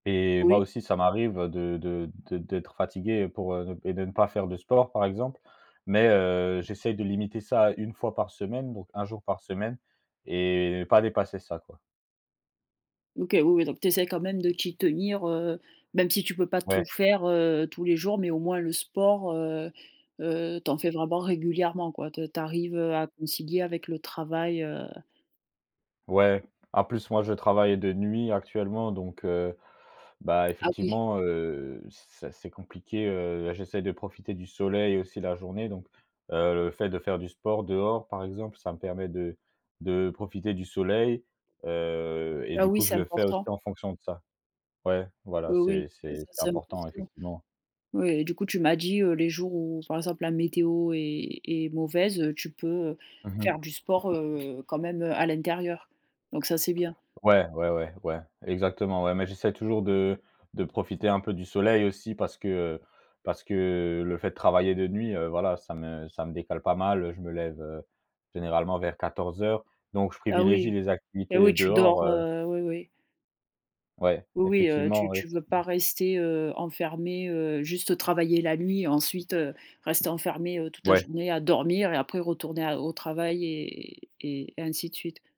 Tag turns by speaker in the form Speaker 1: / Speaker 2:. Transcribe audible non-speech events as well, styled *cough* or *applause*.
Speaker 1: Et moi
Speaker 2: Oui.
Speaker 1: aussi ça m'arrive de de de de d'être fatigué pour, heu, et de ne pas faire de sport par exemple, mais heu, j'essaye de limiter ça à 1 fois par semaine, donc 1 jour par semaine et pas dépasser ça quoi.
Speaker 2: OK oui, oui, donc tu essaies quand même de t'y tenir, heu, même si tu peux pas
Speaker 1: Ouais.
Speaker 2: tout faire, heu, tous les jours, mais au moins le sport, heu heu, tu en fais vraiment régulièrement quoi. Tu tu arrives, heu, à concilier avec le travail, heu
Speaker 1: Ouais, en plus moi je travaille de nuit actuellement, donc heu, bah,
Speaker 2: Ah, oui.
Speaker 1: effectivement, heu, c'est assez compliqué, heu, j'essaye de profiter du soleil aussi la journée, donc heu, le fait de faire du sport dehors par exemple, ça me permet de de profiter du soleil, heu, et
Speaker 2: Ah
Speaker 1: du
Speaker 2: oui,
Speaker 1: coup je
Speaker 2: c'est
Speaker 1: le fais aussi
Speaker 2: important.
Speaker 1: en fonction de ça. Ouais voilà,
Speaker 2: Oui oui
Speaker 1: c'est c'est
Speaker 2: c
Speaker 1: c'est
Speaker 2: c'est
Speaker 1: important
Speaker 2: important.
Speaker 1: effectivement.
Speaker 2: Oui, du coup tu m'as dit, heu, les jours où, par exemple, la météo est est mauvaise, tu peux, heu,
Speaker 1: Mmh mh.
Speaker 2: faire du sport, heu, quand même à l'intérieur, donc ça, c'est bien.
Speaker 1: Ouais, ouais, ouais, ouais, exactement, ouais, mais j'essaie toujours de de profiter un peu du soleil aussi parce que, heu, parce que le fait de travailler de nuit, heu, voilà ça me ça me décale pas mal, heu, je me lève, heu, généralement vers 14:00 donc je
Speaker 2: Ah
Speaker 1: privilégie
Speaker 2: oui,
Speaker 1: les
Speaker 2: eh
Speaker 1: activités
Speaker 2: oui, tu
Speaker 1: dehors,
Speaker 2: dors,
Speaker 1: heu
Speaker 2: heu oui, oui.
Speaker 1: Ouais
Speaker 2: Oui, oui, heu,
Speaker 1: effectivement
Speaker 2: tu
Speaker 1: oui
Speaker 2: tu veux pas
Speaker 1: *unintelligible*
Speaker 2: rester, heu, enfermé, heu juste travailler la nuit, ensuite, heu, rester enfermé toute la
Speaker 1: Ouais.
Speaker 2: journée à dormir et après retourner à au travail et et ainsi de suite.